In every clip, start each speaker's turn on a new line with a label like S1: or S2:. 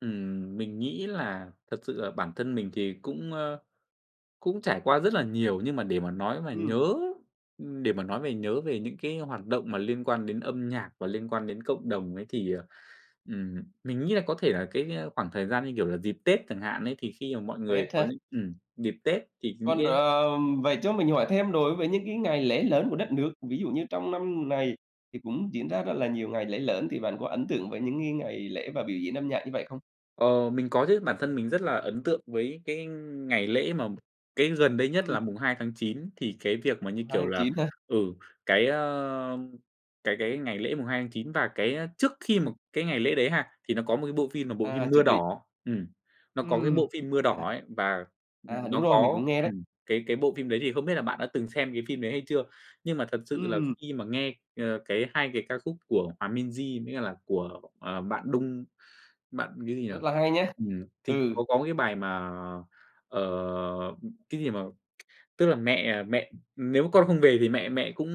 S1: Ừm, mình nghĩ là thật sự là bản thân mình thì cũng, ơ, cũng trải qua rất là nhiều nhưng mà để mà nói mà
S2: Ừm.
S1: nhớ để mà nói về nhớ về những cái hoạt động mà liên quan đến âm nhạc và liên quan đến cộng đồng ấy thì, ờ, ừm, mình nghĩ là có thể là cái khoảng thời gian như kiểu là dịp Tết chẳng hạn ấy, thì khi mà mọi người
S2: Tết
S1: có
S2: hả?
S1: những ừm, dịp Tết thì những
S2: Còn,
S1: cái
S2: ờ, vậy cho mình hỏi thêm đối với những cái ngày lễ lớn của đất nước, ví dụ như trong năm này thì cũng diễn ra rất là nhiều ngày lễ lớn, thì bạn có ấn tượng với những cái ngày lễ và biểu diễn âm nhạc như vậy không?
S1: Ờ, mình có chứ bản thân mình rất là ấn tượng với cái ngày lễ mà cái gần đây nhất
S2: Ừm.
S1: là 2/9 thì cái việc mà như,
S2: mùng hai
S1: kiểu
S2: tháng
S1: là,
S2: chín hả?
S1: ừ, cái, ơ, cái cái ngày lễ 2/9 và cái trước khi mà
S2: Ừm.
S1: cái ngày lễ đấy ha, thì nó có một cái bộ phim là bộ phim
S2: À,
S1: Mưa
S2: chuẩn bị.
S1: Đỏ, ừm, nó có cái bộ
S2: Ừm,
S1: phim Mưa
S2: à, à.
S1: Đỏ ấy và
S2: À, đúng
S1: nó
S2: rồi, mình
S1: có,
S2: cũng nghe đấy.
S1: ừm, cái cái bộ phim đấy thì không biết là bạn đã từng xem cái phim đấy hay chưa? Nhưng mà thật sự là
S2: Ừm.
S1: khi mà nghe, ơ, cái, 2 cái ca khúc của Hòa Minzy mới cả là của, ờ, bạn Đung, bạn cái gì nhỉ?
S2: Rất là hay nhá.
S1: Ừm, thì
S2: Ừ.
S1: có có cái bài mà, ờ, cái gì mà, tức là mẹ mẹ nếu mà con không về thì mẹ mẹ cũng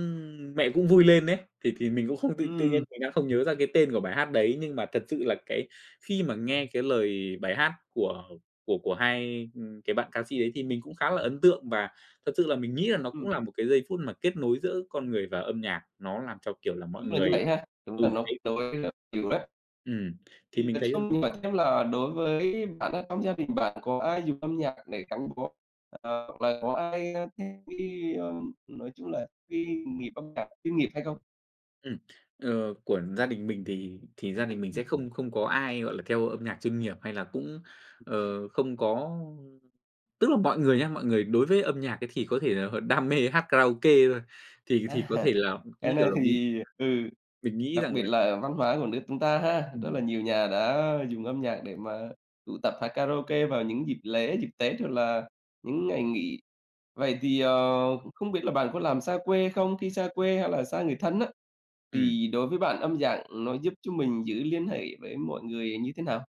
S1: mẹ cũng vui lên ấy, thì thì mình cũng không tự tự nhiên
S2: Ừm.
S1: mình đang không nhớ ra cái tên của bài hát đấy nhưng mà thật sự là, cái, khi mà nghe cái lời bài hát của của của hai cái bạn ca sĩ đấy, thì mình cũng khá là ấn tượng và thật sự là mình nghĩ là nó
S2: Ừm.
S1: cũng là một cái giây phút mà kết nối giữa con người và âm nhạc, nó làm cho, kiểu là, mọi
S2: Đúng là
S1: người
S2: như vậy ha, đúng
S1: ừ,
S2: là nó
S1: đấy.
S2: đối với á, thì rất
S1: Ừm, thì
S2: Thì
S1: mình
S2: nói
S1: thấy là
S2: chung nói chung là đối với bản thân trong gia đình bạn có ai dùng âm nhạc để gắn bó, ờ, hoặc là có ai thích đi, ơ, nói chung là đi nghiệp âm nhạc chuyên nghiệp hay không?
S1: Ừm, ờ, của gia đình mình thì thì gia đình mình
S2: Ừm.
S1: sẽ không không có ai, gọi là, theo âm nhạc chuyên nghiệp hay là cũng, ờ, không có tức là mọi người nhá, mọi người đối với âm nhạc ấy thì có thể là đam mê hát karaoke thôi, thì thì có
S2: À,
S1: thể là,
S2: cái
S1: như kiểu
S2: này
S1: là mình
S2: thì, ừ,
S1: mình nghĩ
S2: đặc
S1: rằng
S2: biệt
S1: là
S2: là văn hóa của nước chúng ta ha, rất
S1: Ừm.
S2: là nhiều nhà đã dùng âm nhạc để mà tụ tập hát karaoke vào những dịp lễ, dịp Tết hoặc là những ngày nghỉ. Vậy thì, ờ, không biết là bạn có làm xa quê không? Khi xa quê hay là xa người thân á,
S1: Ừm.
S2: thì đối với bạn âm dạng nó giúp cho mình giữ liên hệ với mọi người như thế nào?